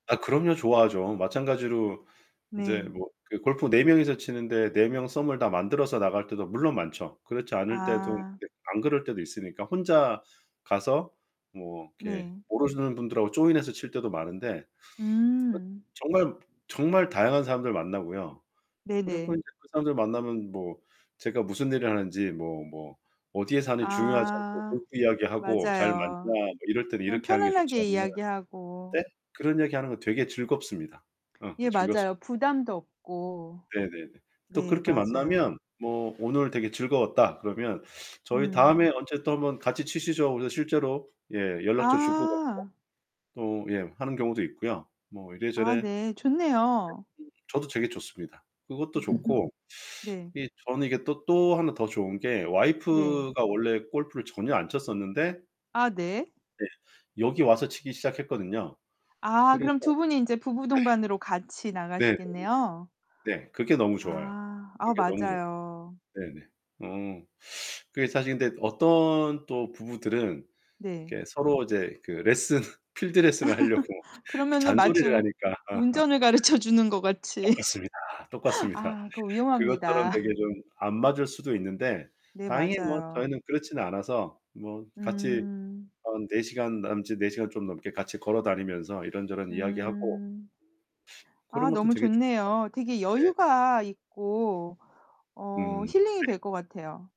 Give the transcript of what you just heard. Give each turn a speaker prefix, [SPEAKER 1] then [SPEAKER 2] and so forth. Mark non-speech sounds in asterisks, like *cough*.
[SPEAKER 1] 아 그럼요. 좋아하죠. 마찬가지로 이제
[SPEAKER 2] 네.
[SPEAKER 1] 뭐 그 골프 4 명이서 치는데 4 명 썸을 다 만들어서 나갈 때도 물론 많죠. 그렇지 않을 때도
[SPEAKER 2] 아.
[SPEAKER 1] 네 안 그럴 때도 있으니까 혼자 가서 뭐 이렇게
[SPEAKER 2] 네.
[SPEAKER 1] 모르시는 분들하고 조인해서 칠 때도 많은데 그
[SPEAKER 2] 음.
[SPEAKER 1] 정말 정말 다양한 사람들 만나고요. 그리고
[SPEAKER 2] 네네.
[SPEAKER 1] 인제 그 사람들 만나면 뭐 제가 무슨 일을 하는지 뭐, 뭐 어디에 사는지 중요하지 않고
[SPEAKER 2] 아.
[SPEAKER 1] 골프 이야기하고 잘 맞나
[SPEAKER 2] 맞아요.
[SPEAKER 1] 뭐 이럴 때는
[SPEAKER 2] 그냥
[SPEAKER 1] 이렇게 하는 게 좋지
[SPEAKER 2] 편안하게
[SPEAKER 1] 않나.
[SPEAKER 2] 이야기하고.
[SPEAKER 1] *unintelligible* 그런 얘기 하는 거 되게 즐겁습니다. 어
[SPEAKER 2] 예.
[SPEAKER 1] 즐겁습
[SPEAKER 2] 맞아요. 부담도 없고.
[SPEAKER 1] 네네네. 또
[SPEAKER 2] 네.
[SPEAKER 1] 그렇게
[SPEAKER 2] 맞아요.
[SPEAKER 1] 만나면 뭐 오늘 되게 즐거웠다 그러면 "저희
[SPEAKER 2] 음.
[SPEAKER 1] 다음에 언제 또 1 번 같이 치시죠." 그래서 실제로 예 연락처 주고
[SPEAKER 2] 아.
[SPEAKER 1] 받고 또 예 하는 경우도 있고요. 뭐
[SPEAKER 2] 아
[SPEAKER 1] 이래저래
[SPEAKER 2] 네. 좋네요.
[SPEAKER 1] *unintelligible* 저도 되게 좋습니다, 그것도
[SPEAKER 2] *laughs*
[SPEAKER 1] 좋고.
[SPEAKER 2] 네.
[SPEAKER 1] 이 저는 이게 또 또 하나 더 좋은 게
[SPEAKER 2] 네.
[SPEAKER 1] 와이프가 원래 골프를 전혀 안 쳤었는데
[SPEAKER 2] 아 네.
[SPEAKER 1] 네 여기 와서 치기 시작했거든요.
[SPEAKER 2] 아.
[SPEAKER 1] 그래서
[SPEAKER 2] 그럼 두 분이 이제 부부 동반으로 같이
[SPEAKER 1] 네. 네,
[SPEAKER 2] 나가시겠네요.
[SPEAKER 1] 네. 네 그게 너무 좋아요.
[SPEAKER 2] 아. 아
[SPEAKER 1] 그게 너무 좋아.
[SPEAKER 2] 맞아요.
[SPEAKER 1] 네네. 어. 그게 사실 근데 어떤 또 부부들은
[SPEAKER 2] 네.
[SPEAKER 1] 이렇게 서로 이제 그 레슨 필드 레슨을 하려고
[SPEAKER 2] *laughs* 그러면은 마치
[SPEAKER 1] 잔소리를
[SPEAKER 2] 우
[SPEAKER 1] 하니까. *laughs*
[SPEAKER 2] 운전을 가르쳐 주는 것 같이.
[SPEAKER 1] 똑같습니다,
[SPEAKER 2] *laughs*
[SPEAKER 1] 똑같습니다.
[SPEAKER 2] 아. 그거
[SPEAKER 1] 그것처럼
[SPEAKER 2] 위험합니다.
[SPEAKER 1] 되게 좀 안 맞을 수도 있는데
[SPEAKER 2] 네.
[SPEAKER 1] 다행히 뭐
[SPEAKER 2] 맞아요.
[SPEAKER 1] 저희는 그렇진 않아서 뭐 같이
[SPEAKER 2] 음.
[SPEAKER 1] 한 4 시간 남짓 4 시간 좀 넘게 같이 걸어 다니면서 이런저런 이야기하고
[SPEAKER 2] 음. 아.
[SPEAKER 1] 그런 것도
[SPEAKER 2] 너무
[SPEAKER 1] 되게 좋은 거
[SPEAKER 2] 좋네요. 되게
[SPEAKER 1] 같아요. 네네.
[SPEAKER 2] 여유가 있고 어
[SPEAKER 1] 음.
[SPEAKER 2] 힐링이
[SPEAKER 1] 네.
[SPEAKER 2] 될 것 같아요.